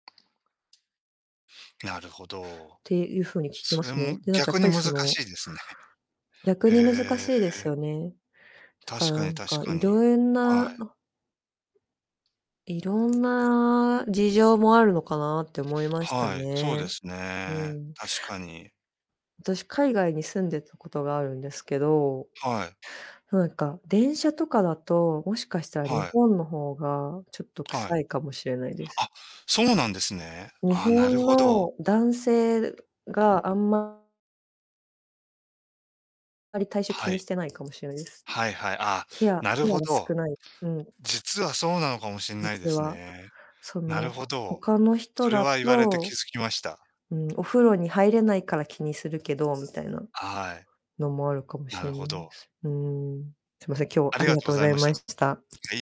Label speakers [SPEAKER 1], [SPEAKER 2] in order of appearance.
[SPEAKER 1] なるほど。
[SPEAKER 2] ていう風に聞き
[SPEAKER 1] そ
[SPEAKER 2] ま
[SPEAKER 1] れ
[SPEAKER 2] す
[SPEAKER 1] も、
[SPEAKER 2] ね。で、なんかや
[SPEAKER 1] 逆
[SPEAKER 2] っ
[SPEAKER 1] に
[SPEAKER 2] ぱり
[SPEAKER 1] 難
[SPEAKER 2] その
[SPEAKER 1] しいですね。
[SPEAKER 2] 逆に難
[SPEAKER 1] へ
[SPEAKER 2] しいです
[SPEAKER 1] え。
[SPEAKER 2] よね。だから
[SPEAKER 1] 確
[SPEAKER 2] な
[SPEAKER 1] かに
[SPEAKER 2] ん
[SPEAKER 1] 確
[SPEAKER 2] か、
[SPEAKER 1] か
[SPEAKER 2] い
[SPEAKER 1] に。
[SPEAKER 2] ろえん
[SPEAKER 1] は
[SPEAKER 2] な、
[SPEAKER 1] い。
[SPEAKER 2] あいろんな事情もあるのかなって思いました
[SPEAKER 1] はい、そうで
[SPEAKER 2] ね。
[SPEAKER 1] す
[SPEAKER 2] う
[SPEAKER 1] ね。
[SPEAKER 2] ん。
[SPEAKER 1] 確かに。
[SPEAKER 2] 私、海外に住んでたことがあるんですけど、
[SPEAKER 1] はい。
[SPEAKER 2] なんか、電車とかだと、もしかしたら日
[SPEAKER 1] はい。
[SPEAKER 2] 本の方がちょっと
[SPEAKER 1] はい。
[SPEAKER 2] 臭いかもしれないです。
[SPEAKER 1] あ、そうなんですね。
[SPEAKER 2] 日
[SPEAKER 1] あ、なる
[SPEAKER 2] 本
[SPEAKER 1] ほど。
[SPEAKER 2] の男性があんままり、体臭気
[SPEAKER 1] は
[SPEAKER 2] に
[SPEAKER 1] い。
[SPEAKER 2] してないかもしれないです。
[SPEAKER 1] はいはい。ああ、
[SPEAKER 2] ケア
[SPEAKER 1] なる
[SPEAKER 2] ケ
[SPEAKER 1] ほ
[SPEAKER 2] アが
[SPEAKER 1] ど。
[SPEAKER 2] 少ない。うん。
[SPEAKER 1] 実はそうなのかもしんないで
[SPEAKER 2] 実
[SPEAKER 1] す
[SPEAKER 2] は、
[SPEAKER 1] ね。
[SPEAKER 2] そ
[SPEAKER 1] な
[SPEAKER 2] の、
[SPEAKER 1] るほ
[SPEAKER 2] ほ
[SPEAKER 1] ど。
[SPEAKER 2] 他の人
[SPEAKER 1] それ
[SPEAKER 2] だ
[SPEAKER 1] は言われて気
[SPEAKER 2] と、
[SPEAKER 1] づきました。
[SPEAKER 2] ん、お風呂に入れないから気にするけどみ
[SPEAKER 1] は
[SPEAKER 2] たいな
[SPEAKER 1] はい。
[SPEAKER 2] のもあるかも
[SPEAKER 1] な
[SPEAKER 2] し
[SPEAKER 1] る
[SPEAKER 2] れ
[SPEAKER 1] ほ
[SPEAKER 2] ない
[SPEAKER 1] ど。
[SPEAKER 2] す。うーん、すいません、今日
[SPEAKER 1] あ
[SPEAKER 2] あ
[SPEAKER 1] り
[SPEAKER 2] り
[SPEAKER 1] が
[SPEAKER 2] が
[SPEAKER 1] とうご
[SPEAKER 2] とうご
[SPEAKER 1] ざい
[SPEAKER 2] ざい
[SPEAKER 1] まし
[SPEAKER 2] ま
[SPEAKER 1] た。
[SPEAKER 2] しした。
[SPEAKER 1] はい。